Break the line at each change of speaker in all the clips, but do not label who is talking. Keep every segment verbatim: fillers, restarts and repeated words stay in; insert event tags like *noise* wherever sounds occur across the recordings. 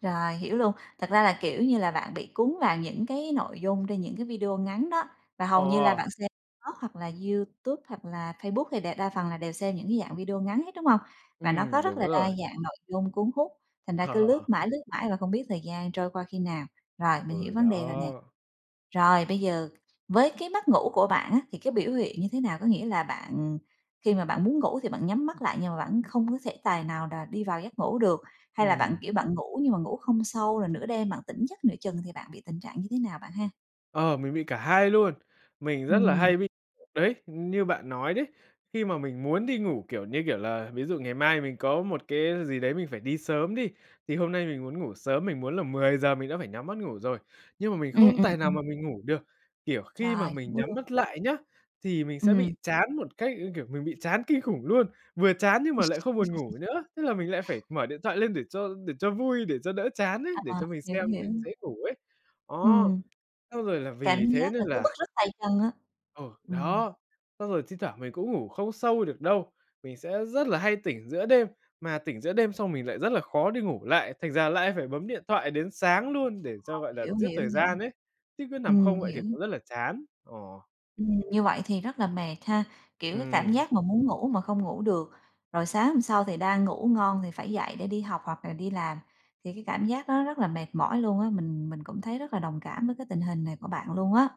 Rồi hiểu luôn. Thật ra là, kiểu như là, bạn bị cuốn vào những cái nội dung trên những cái video ngắn đó, và hầu như là
Ồ!
bạn xem Tok hoặc là YouTube hoặc là Facebook hay đè đa phần là đều xem những cái dạng video ngắn hết, đúng hông? Và nó
Ừm,
có rất
đúng
là đa
rồi.
dạng nội dung cuốn hút, thành ra cứ lướt
*laughs*
mãi, lướt mãi và không biết thời gian trôi qua khi nào. Rồi mình hiểu
Ừ,
vấn đề rồi nè.
đó.
Rồi, bây giờ với cái mất ngủ của bạn á, thì cái biểu hiện như thế nào? Có nghĩa là bạn khi mà bạn muốn ngủ thì bạn nhắm mắt lại nhưng mà bạn không có thể tài nào đá đi vào giấc ngủ được, hay là bạn,
Ừm.
kiểu, bạn ngủ nhưng mà ngủ không sâu rồi nửa đêm bạn tỉnh giấc nửa chừng thì bạn bị tình trạng như thế nào bạn ha?
Ờ, mình bị cả hai luôn, mình rất là
Ừm.
hay bị, đấy, như bạn nói đấy, khi mà mình muốn đi ngủ, kiểu, như kiểu là, ví dụ ngày mai mình có một cái gì đấy mình phải đi sớm đi, thì hôm nay mình muốn ngủ sớm, mình muốn là mười giờ mình đã phải nhắm mắt ngủ rồi, nhưng mà mình
Ừm,
không
ừm,
tài nào mà
ừm.
mình ngủ được. Kiểu khi mà
Rồi
mình nhắm
*unintelligible*
mắt lại nhá, thì mình sẽ bị
Ừm.
chán một cách, kiểu, mình bị chán kinh khủng luôn, vừa chán nhưng mà lại không buồn ngủ
*chuckles*
nữa, tức là mình lại phải mở điện thoại lên để cho để cho vui, để cho đỡ chán ấy, để
À,
cho mình xem
hiểu,
để
hiểu.
dễ ngủ ấy. Đó,
Ừm.
xong rồi là
Cảm
vì thế
giác
nên
là cứ bứt
là
rứt tay chân á,
Ừ,
ừm.
đó. Xong rồi thi thoảng mình cũng ngủ không sâu được đâu, mình sẽ rất là hay tỉnh giữa đêm, mà tỉnh giữa đêm xong mình lại rất là khó đi ngủ lại, thành ra lại phải bấm điện thoại đến sáng luôn để cho,
*unintelligible*
gọi là,
hiểu,
giết thời
hiểu, hiểu.
gian ấy, chứ cứ nằm
Ừm,
không vậy thì
hiểu.
cũng rất là chán, ờ.
Ừm, như vậy thì rất là mệt ha, kiểu, cái cảm
Ừm.
giác mà muốn ngủ mà không ngủ được, rồi sáng hôm sau thì đang ngủ ngon thì phải dậy để đi học hoặc là đi làm, thì cái cảm giác đó rất là mệt mỏi luôn á, mình mình cũng thấy rất là đồng cảm với cái tình hình này của bạn luôn á.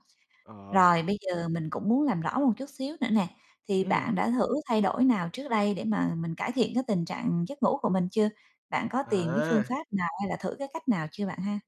Ờ.
Rồi bây giờ mình cũng muốn làm rõ một chút xíu nữa nè, thì
Ừm.
bạn đã thử thay đổi nào trước đây để mà mình cải thiện cái tình trạng giấc ngủ của mình chưa? Bạn có tìm cái phương
À!
pháp nào hay là thử cái cách nào chưa bạn ha?